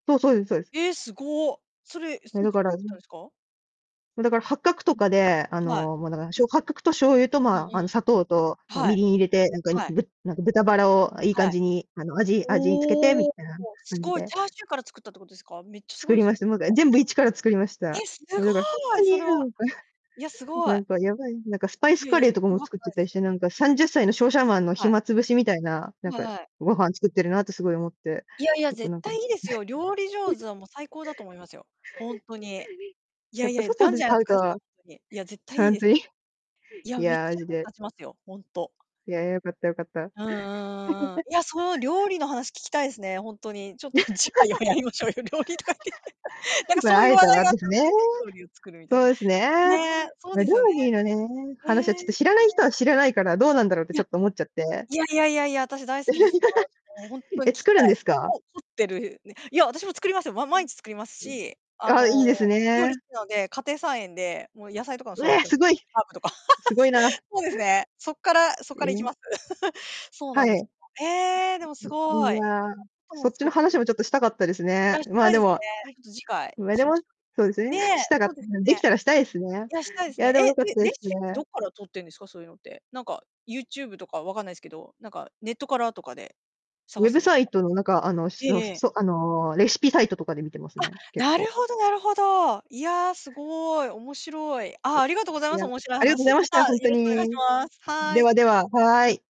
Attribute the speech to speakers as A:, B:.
A: そうそうですそうです。
B: ええ、すご。それ、え、
A: え、
B: す
A: だ
B: 一
A: か
B: か
A: ら
B: ら作った んすか？
A: もう、だから、八角とかで、あ
B: はい。
A: の、もう、だから、しょ八角と醤油と、
B: うん
A: まあ、
B: う
A: あの、
B: ん。
A: 砂糖と、なんか、
B: は
A: み
B: い、
A: りん入れて、なんか、
B: はい。
A: ぶなんか、豚バラを、あ、いい感
B: はい。
A: じに、あの、味味つけてみ
B: おお、
A: たいな
B: す
A: 感じ
B: ごい
A: で。
B: チャーシューから作ったってことですか？めっちゃす
A: 作
B: ごい
A: り
B: す
A: ま
B: ね。
A: した。もう、か
B: それは。
A: 全部一から作りまし
B: え、
A: た。
B: す
A: もう、だから、ほん
B: ご
A: と
B: い、そ
A: に、
B: れ
A: な
B: は。
A: んか、
B: いや、すご
A: な
B: い。
A: んか、やばい、なんか、スパイス
B: いや、
A: カレー
B: いや
A: とかも
B: ば
A: 作
B: く
A: っ
B: な
A: て
B: い
A: たり
B: す
A: し
B: よ。
A: て、なんか、30歳の商社マンの
B: はい。
A: 暇つぶしみたいな、なん
B: はい
A: か、
B: はい。
A: ご飯作ってるなってすごい思って、
B: いやいや、
A: よく、
B: 絶
A: なんか
B: 対 いいですよ。料理上手は、もう、最高だと思いますよ。ほんとに。い
A: や
B: や
A: っ
B: い
A: ぱ
B: や、じ
A: 外
B: ゃん
A: で
B: じゃんやっ
A: 買
B: て
A: う
B: く
A: と
B: ださい、ほんとに。いや、絶対い
A: ほ
B: い
A: ん
B: です。
A: とに？
B: い
A: い
B: や、めっ
A: や、マ
B: ちゃ
A: ジ
B: 役に
A: で。
B: 立ちますよ、ほんと。
A: いや、よかったよかった。
B: うんうんうんうん。いや、その料理の話聞きたいすね、ほんとに。ちょっと次回はやりましょうよ、料理とか言って。なん か
A: ま
B: そ
A: あ
B: うい
A: 会
B: う
A: え
B: 話
A: た
B: 題
A: ら
B: があっ
A: で
B: た
A: すね。
B: んで、料理を作るみた
A: そ
B: い
A: うです
B: な。
A: ね。
B: ねえ、そう
A: ま、
B: で
A: 料
B: すよね。
A: 理のね、話はち
B: へ
A: ょっと
B: え。
A: 知らない人は知らないから、どうなんだろうってちょっと
B: い
A: 思っちゃって。
B: やいやいやいやいや、私大好きですよ。あし、もうほんとに
A: え、
B: 聞き
A: 作る
B: た
A: んで
B: い、
A: す
B: その、
A: か？
B: こ凝ってるねいや、私も作りますよ。ま
A: う
B: 毎
A: ん。
B: 日作ります
A: うん。
B: し、あ
A: あ、い
B: の
A: いです
B: 料理
A: ね。
B: 好きなんで、家庭菜園で、もう野菜とかも
A: う
B: 育
A: え、
B: て
A: すごい、
B: ハーブとか。
A: す ごいな。
B: そうですね、そっからそっ
A: え
B: から行き
A: え。
B: ます。そうな
A: は
B: んです
A: い。
B: ええ、でもす
A: い
B: ご
A: い
B: い。
A: や、そ
B: も
A: っち
B: 作っ
A: の
B: て
A: 話もちょっとしたかったです
B: い
A: ね。
B: やし
A: まあ、
B: たい
A: で
B: ですね。
A: も、はい。
B: ちょっと次回
A: まあ、で
B: しま
A: も、
B: しょ
A: そうです
B: う。
A: ね、
B: ねえ、
A: したかっ
B: そ
A: た
B: うです
A: でき
B: ね。
A: たらしたいですね。
B: いや、したいで
A: い
B: すね。
A: やで
B: え、
A: も良かっ
B: レ
A: たで
B: レ
A: す
B: シピってど
A: ね。
B: っからとってんですか、そういうのって。なんか、YouTube とかわかんないすけど、なんかネットからとかで
A: ウ
B: 探
A: ェ
B: す
A: ブ
B: んです
A: サイ
B: か？
A: トのなんかあのし
B: ええ
A: の
B: ええ。
A: そ、あのレシピサイトとかで見てます
B: あ、
A: ね、結
B: な
A: 構。
B: るほどなるほど。いや、すごい、面白い。あ、ありがとうござい
A: い
B: ま
A: や、
B: す、面白い
A: ありがとうござ
B: 話。
A: いま
B: ま
A: し
B: た、
A: た、
B: よ
A: ほんと
B: ろしくお願いし
A: に。
B: ます。は
A: で
B: い。
A: はで
B: そ
A: は、
B: れ
A: は
B: では。
A: い。